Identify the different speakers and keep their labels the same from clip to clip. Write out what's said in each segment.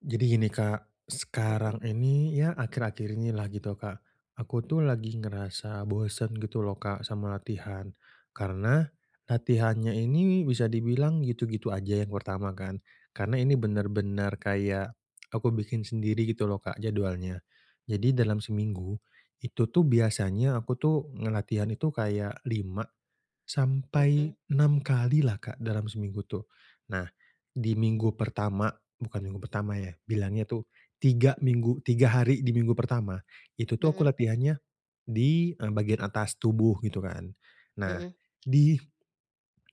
Speaker 1: Jadi gini Kak,
Speaker 2: Mhm.
Speaker 1: sekarang ini, ya akhir-akhir ini lah gitu Kak, aku tuh lagi ngerasa bosen gitu loh Kak, sama latihan, karena, latihannya ini bisa dibilang, gitu-gitu aja yang pertama kan. Karena ini bener-bener kayak, aku bikin sendiri gitu loh Kak, jadwalnya. Jadi dalam seminggu, itu tuh biasanya aku tuh, nge latihan itu kayak 5 sampai
Speaker 2: Mhm.
Speaker 1: 6 kali lah Kak, dalam seminggu tuh. Nah, di minggu pertama bukan minggu pertama ya, bilangnya itu, 3 minggu 3 hari di minggu pertama, itu tuh, aku
Speaker 2: Mhm.
Speaker 1: latihannya di, eee, bagian atas tubuh, gitu kan. Nah,
Speaker 2: Mhm.
Speaker 1: di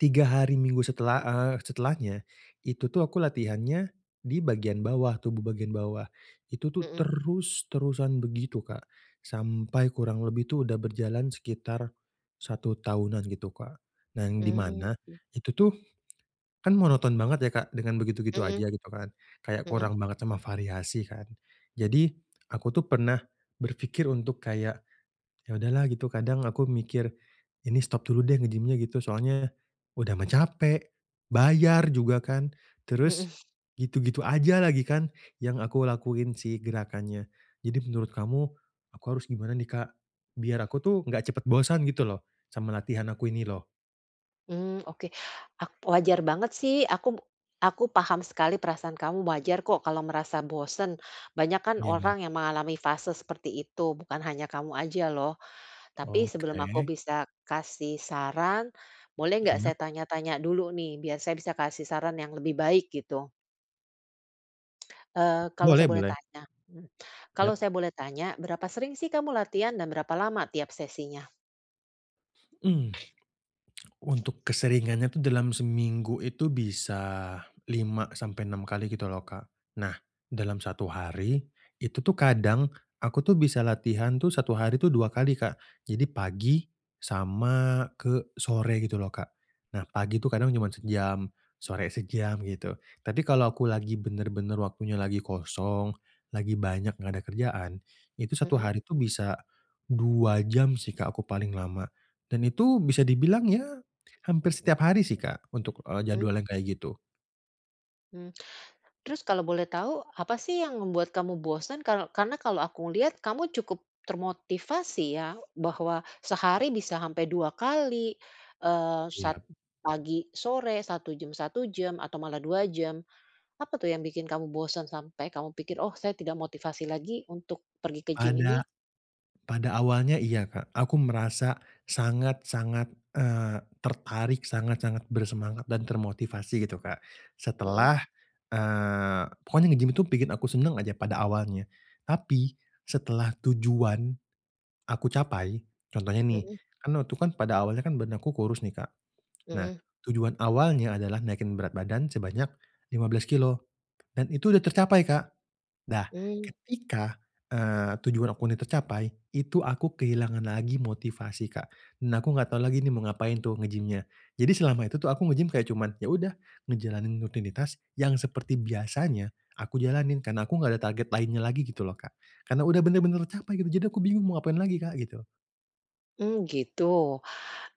Speaker 1: 3 hari minggu setelah, eee, setelahnya, itu tuh aku latihannya, di bagian bawah tubuh bagian bawah. Itu tuh,
Speaker 2: Mhm.
Speaker 1: terus-terusan begitu Kak. Sampai kurang lebih itu udah berjalan sekitar, 1 tahunan gitu Kak. Nah, di
Speaker 2: Mmm,
Speaker 1: mana
Speaker 2: oke.
Speaker 1: itu tuh, kan monoton banget ya Kak dengan begitu-gitu
Speaker 2: Mhm.
Speaker 1: aja gitu kan, kayak
Speaker 2: Mhm.
Speaker 1: kurang banget sama variasi kan? Jadi, aku tuh pernah berpikir untuk kayak, ya udahlah gitu, kadang aku mikir ini stop dulu deh, nge-gym nya gitu. Soalnya, udah mah capek, bayar juga kan?
Speaker 2: Mhm.
Speaker 1: Terus, gitu-gitu aja lagi kan yang aku lakuin sih, gerakannya. Jadi menurut kamu, aku harus gimana nih Kak? Biar aku tuh, enggak cepet bosan gitu loh sama latihan aku ini loh.
Speaker 2: Hmm. Oke, ak wajar banget sih. Aku b aku paham sekali perasaan kamu wajar kok kalau merasa bosen, banyak kan
Speaker 1: Ya, emang.
Speaker 2: orang yang mengalami fase seperti itu, bukan hanya kamu aja loh. Tapi sebelum aku
Speaker 1: Oke.
Speaker 2: bisa kasih saran, boleh nggak
Speaker 1: Iyap.
Speaker 2: saya tanya-tanya dulu nih, biar saya bisa kasih saran yang lebih baik, gitu? Eee, kalau
Speaker 1: Boleh
Speaker 2: saya boleh
Speaker 1: boleh.
Speaker 2: tanya mmm, kalau
Speaker 1: Yap.
Speaker 2: saya boleh tanya berapa sering sih kamu latihan dan berapa lama tiap sesinya?
Speaker 1: Mmm. Untuk keseringannya itu dalam seminggu itu bisa 5 sampai 6 kali gitu loh Kak. Nah, dalam 1 hari itu tuh kadang aku tuh bisa latihan tuh 1 hari itu 2 kali Kak. Jadi pagi sama ke sore gitu loh Kak. Nah pagi tuh kadang cuma sejam, sore sejam, gitu. Tapi kalau aku lagi bener-bener waktunya lagi kosong, lagi banyak enggak ada kerjaan, itu 1
Speaker 2: Mhm.
Speaker 1: hari itu bisa 2 jam sih Kak aku paling lama. Dan itu bisa dibilang ya hampir setiap hari sih Kak untuk, eee,
Speaker 2: Mmm.
Speaker 1: jadwal yang kayak gitu.
Speaker 2: Mmm. Terus kalau boleh tahu, apa sih yang membuat kamu bosan? Kalau karena kalau aku lihat, kamu cukup termotivasi ya, bahwa sehari bisa sampai 2 kali, eee, sat
Speaker 1: Iyap.
Speaker 2: pagi, sore, 1 jam, 1 jam, atau malah 2 jam. Apa tuh yang bikin kamu bosan, sampai kamu pikir, "Oh, saya tidak motivasi lagi untuk pergi ke gym ini."
Speaker 1: Pada pada awalnya, iya Kak. Aku merasa sangat-sangat, eee, tertarik, sangat-sangat bersemangat dan termotivasi gitu, Kak.
Speaker 2: Mhm.
Speaker 1: Setelah eee, pokoknya nge-gym itu bikin aku senang aja pada awalnya. Tapi, setelah tujuan aku capai contohnya nih,
Speaker 2: Mhm.
Speaker 1: kan waktu itu kan, pada awalnya kan badan aku kurus nih, Kak. Nah,
Speaker 2: Mhm.
Speaker 1: tujuan awalnya adalah naikin berat badan sebanyak 15 kilogram,, dan itu udah tercapai, Kak. Dah,
Speaker 2: Mmm.
Speaker 1: ketika, eee, tujuan aku ini tercapai, itu aku kehilangan lagi motivasi, Kak. Nah, aku enggak tahu lagi nih mau ngapain tuh nge-gym-nya. Jadi selama itu tuh aku nge-gym kayak cuman, ya udah ngejalanin rutinitas yang seperti biasanya, aku jalanin. Karena aku nggak ada target lainnya lagi gitu loh, Kak. Karena udah benar-benar tercapai, gitu, jadi aku bingung mau ngapain lagi, Kak, gitu.
Speaker 2: Mmm, gitu.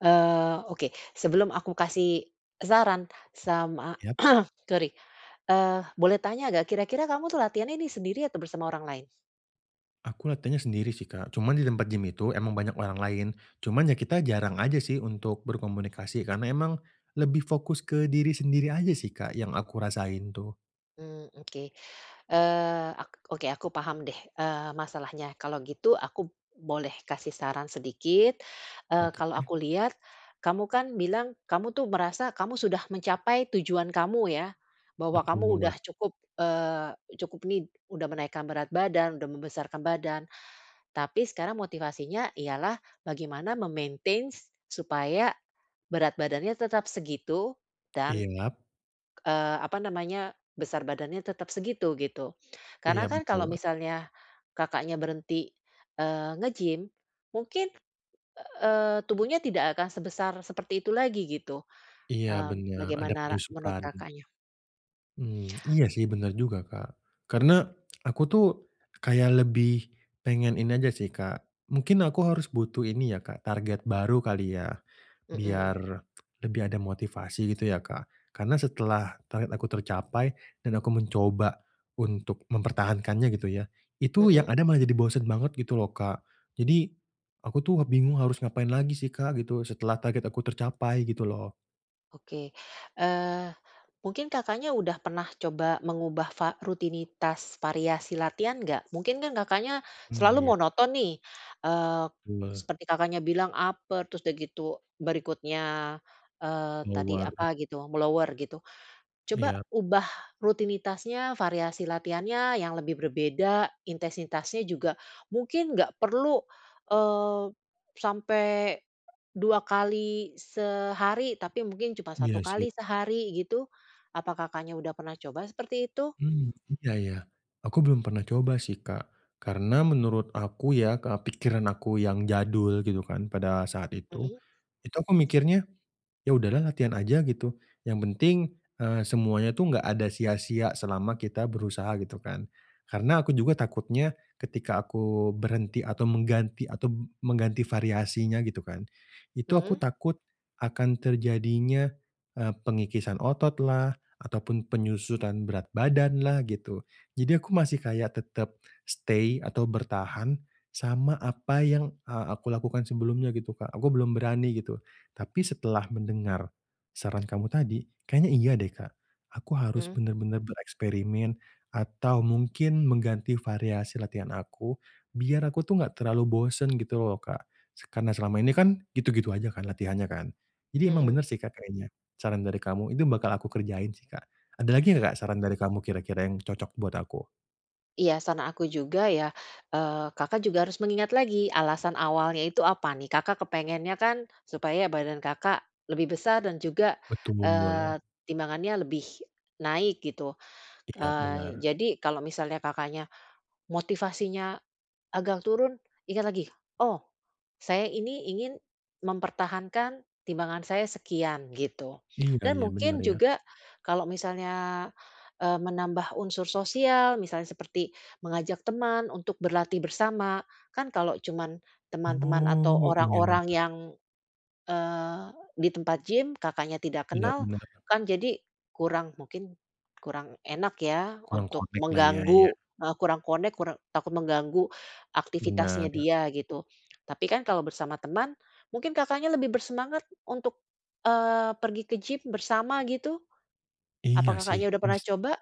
Speaker 2: Eee, oke, sebelum aku kasih saran sama
Speaker 1: Yap.
Speaker 2: sorry, eee, boleh tanya nggak kira-kira kamu tuh latihannya nih sendiri atau bersama orang lain?
Speaker 1: Aku latihannya sendiri sih, Kak. Cuman di tempat gym itu emang banyak orang lain. Cuman ya kita jarang aja sih untuk berkomunikasi, karena emang lebih fokus ke diri sendiri aja sih, Kak, yang aku rasain tuh.
Speaker 2: Mmm, oke. Eee, ak oke, aku paham deh, eee, masalahnya. Kalau gitu aku boleh kasih saran sedikit, eee, kalau
Speaker 1: Oke.
Speaker 2: aku lihat kamu kan bilang kamu tuh merasa kamu sudah mencapai tujuan kamu ya, bahwa kamu
Speaker 1: Betul.
Speaker 2: udah cukup, eee, cukup ini, udah menaikkan berat badan, udah membesarkan badan. Tapi sekarang motivasinya ialah bagaimana me-maintains supaya berat badannya tetap segitu dan,
Speaker 1: Iyap.
Speaker 2: eee, apa namanya, besar badannya tetap segitu, gitu.
Speaker 1: Iya,
Speaker 2: Karena kan kalau
Speaker 1: betul.
Speaker 2: misalnya Kakaknya berhenti, eee, nge-gym, mungkin, eee, tubuhnya tidak akan sebesar seperti itu lagi gitu.
Speaker 1: Iya,
Speaker 2: Eee,
Speaker 1: bener, ada
Speaker 2: bagaimana ra menurut
Speaker 1: penyusutan.
Speaker 2: Kakaknya?
Speaker 1: Mmm, iya sih bener juga, Kak. Karena aku tuh kayak lebih pengen ini aja sih, Kak, mungkin aku harus butuh ini ya, Kak, target baru kali ya,
Speaker 2: Mhm.
Speaker 1: biar lebih ada motivasi gitu ya, Kak. Karena setelah target aku tercapai dan aku mencoba untuk mempertahankannya gitu ya, itu yang
Speaker 2: Mhm.
Speaker 1: ada malah jadi bosen banget gitu loh, Kak. Jadi aku tuh bingung harus ngapain lagi sih, Kak, gitu setelah target aku tercapai gitu loh.
Speaker 2: Oke, eee, mungkin Kakaknya udah pernah coba mengubah va rutinitas variasi latihan nggak? Mungkin kan Kakaknya
Speaker 1: Mmm,
Speaker 2: selalu
Speaker 1: iya.
Speaker 2: monoton nih, eee,
Speaker 1: Uwah.
Speaker 2: seperti Kakaknya bilang upper, terus dah gitu berikutnya, eee, tadi
Speaker 1: Lower.
Speaker 2: apa gitu me lower gitu. Coba
Speaker 1: Iyap.
Speaker 2: ubah rutinitasnya, variasi latihannya yang lebih berbeda, intensitasnya juga. Mungkin nggak perlu, eee, sampe 2 kali sehari, tapi mungkin cuma 1
Speaker 1: Iya sih.
Speaker 2: kali sehari gitu. Apa Kakaknya udah pernah coba seperti itu?
Speaker 1: Mmm, iya, ya. Aku belum pernah coba sih, Kak. Karena menurut aku ya, Kak, pikiran aku yang jadul gitu kan pada saat itu,
Speaker 2: Mmm.
Speaker 1: itu aku mikirnya, "Ya udahlah latihan aja," gitu, "yang penting, eee, semuanya tuh enggak ada sia-sia selama kita berusaha," gitu kan. Karena aku juga takutnya ketika aku berhenti atau mengganti atau b mengganti variasinya gitu kan, itu aku
Speaker 2: Hmm.
Speaker 1: takut akan terjadinya, eee, pengikisan ototlah ataupun penyusutan berat badanlah gitu. Jadi aku masih kayak tetep stay atau bertahan sama apa yang, ah, aku lakukan sebelumnya gitu, Kak. Aku belum berani gitu. Tapi setelah mendengar saran kamu tadi, kayaknya iya deh, Kak, aku harus
Speaker 2: Mmm.
Speaker 1: bener-bener bereksperimen atau mungkin mengganti variasi latihan aku, biar aku tuh enggak terlalu bosen gitu loh, Kak. Se karena selama ini kan gitu-gitu aja kan latihannya kan, jadi
Speaker 2: Mhm.
Speaker 1: emang bener
Speaker 2: Mhm.
Speaker 1: sih, Kak, kayaknya saran dari kamu itu bakal aku kerjain sih, Kak. Ada lagi enggak, Kak, saran dari kamu kira-kira yang cocok buat aku?
Speaker 2: Iya, saran aku juga ya, eee, Kakak juga harus mengingat lagi alasan awalnya itu apa nih? Kakak kepengennya kan, supaya badan Kakak lebih besar dan juga,
Speaker 1: Betul.
Speaker 2: eee, timbangannya lebih naik gitu.
Speaker 1: Iyap,
Speaker 2: Eee,
Speaker 1: benar.
Speaker 2: jadi, kalau misalnya Kakaknya, motivasinya agak turun, ingat lagi, "Oh, saya ini ingin mempertahankan timbangan saya sekian," gitu.
Speaker 1: Iya
Speaker 2: Dan
Speaker 1: iya,
Speaker 2: mungkin
Speaker 1: bener ya.
Speaker 2: juga, kalau misalnya, eee, menambah unsur sosial, misalnya seperti mengajak teman untuk berlatih bersama, kan kalau cuma teman-teman atau
Speaker 1: Oh, iya.
Speaker 2: orang-orang yang, eee, di tempat gym, Kakaknya tidak
Speaker 1: Iya,
Speaker 2: kenal,
Speaker 1: benar.
Speaker 2: kan jadi, kurang, mungkin kurang enak ya
Speaker 1: Kurang
Speaker 2: untuk
Speaker 1: connect lah ya, iya.
Speaker 2: mengganggu, eee, kurang connect, kure takut mengganggu aktivitasnya
Speaker 1: Benar.
Speaker 2: dia gitu. Tapi kan kalau bersama teman, mungkin Kakaknya lebih bersemangat untuk, eee, pergi ke gym bersama gitu?
Speaker 1: Iya
Speaker 2: Apa
Speaker 1: sih,
Speaker 2: Kakaknya udah pernah
Speaker 1: bis
Speaker 2: coba?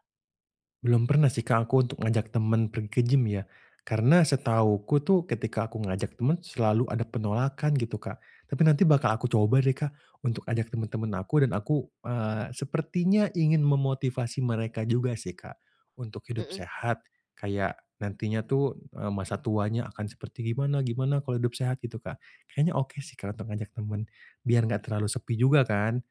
Speaker 1: Belum pernah sih Kak, aku untuk ngajak temen pergi ke gym ya. Karena setahuku tuh, ketika aku ngajak temen, selalu ada penolakan gitu Kak. Tapi nanti bakal aku coba deh Kak, untuk ajak temen-temen aku dan aku, eee, sepertinya ingin memotivasi mereka juga sih Kak, untuk hidup
Speaker 2: Hmm.
Speaker 1: sehat, kayak nantinya tuh, eee, masa tuanya akan seperti gimana gimana kalau hidup sehat gitu Kak. Kayaknya oke sih Kak, untuk ngajak temen, biar nggak terlalu sepi juga kan.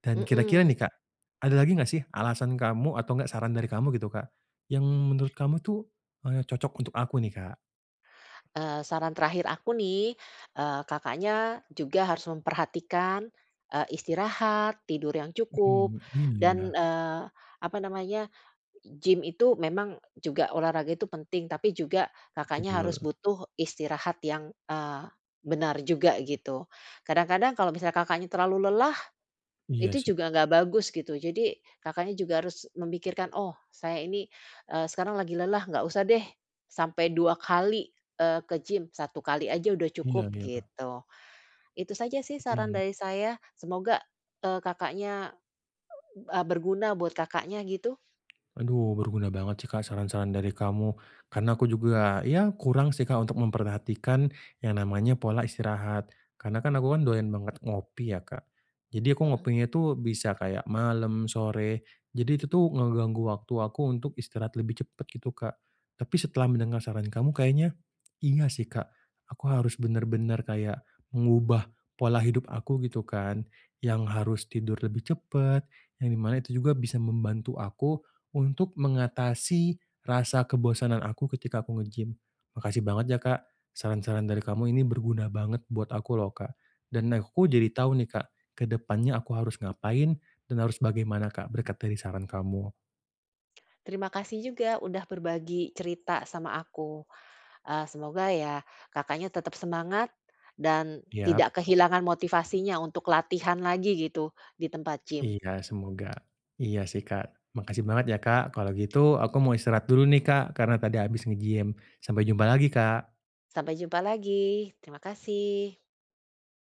Speaker 1: Dan kira-kira
Speaker 2: Hmm.
Speaker 1: nih Kak, ada lagi nggak sih alasan kamu atau nggak saran dari kamu gitu Kak, yang menurut kamu itu, eee, cocok untuk aku nih, Kak?
Speaker 2: Eee, saran terakhir aku nih, eee, Kakaknya juga harus memperhatikan, eee, istirahat, tidur yang cukup
Speaker 1: Mhm. Iya
Speaker 2: dan,
Speaker 1: yah.
Speaker 2: eee, apa namanya, gym itu memang juga olahraga itu penting, tapi juga Kakaknya harus
Speaker 1: Betul.
Speaker 2: butuh istirahat yang, eee, benar juga gitu. Kadang-kadang kalau misalnya Kakaknya terlalu lelah,
Speaker 1: Iya
Speaker 2: itu
Speaker 1: sih.
Speaker 2: juga nggak bagus gitu. Jadi Kakaknya juga harus memikirkan, oh, saya ini, eee, sekarang lagi lelah, nggak usah deh. Sampai 2 kali, eee, ke gym, 1 kali aja udah
Speaker 1: Iya
Speaker 2: cukup,
Speaker 1: iya.
Speaker 2: gitu. Itu saja sih saran
Speaker 1: Mhm.
Speaker 2: dari saya. Semoga, eee, Kakaknya e berguna buat Kakaknya gitu.
Speaker 1: Aduh, berguna banget sih Kak saran-saran dari kamu, karena aku juga ya kurang sih Kak untuk memperhatikan yang namanya pola istirahat. Karena kan aku kan doyan banget ngopi ya Kak. Jadi aku
Speaker 2: Mhm.
Speaker 1: ngopinya itu bisa kayak malem, sore, jadi itu tuh ngeganggu waktu aku untuk istirahat lebih cepet gitu Kak. Tapi setelah mendengar saran kamu kayaknya inga sih Kak, aku harus bener-bener kayak mengubah pola hidup aku gitu kan, yang harus tidur lebih cepet, yang di mana itu juga bisa membantu aku untuk mengatasi rasa kebosanan aku ketika aku nge-gym. Makasih banget ya Kak saran-saran dari kamu ini berguna banget buat aku loh Kak. Dan aku jadi tahu nih Kak ke depannya aku harus ngapain dan harus bagaimana Kak berkat dari saran kamu.
Speaker 2: Terima kasih juga sudah berbagi cerita sama aku. Eee, semoga ya Kakaknya tetap semangat dan
Speaker 1: Yap.
Speaker 2: tidak kehilangan motivasinya untuk latihan lagi gitu di tempat gym.
Speaker 1: Iya. Semoga. Iya sih Kak. Makasih banget ya Kak. Kalau gitu aku mau istirahat dulu nih Kak karena tadi habis nge-gym. Sampai jumpa lagi Kak.
Speaker 2: Sampai jumpa lagi. Terima kasih.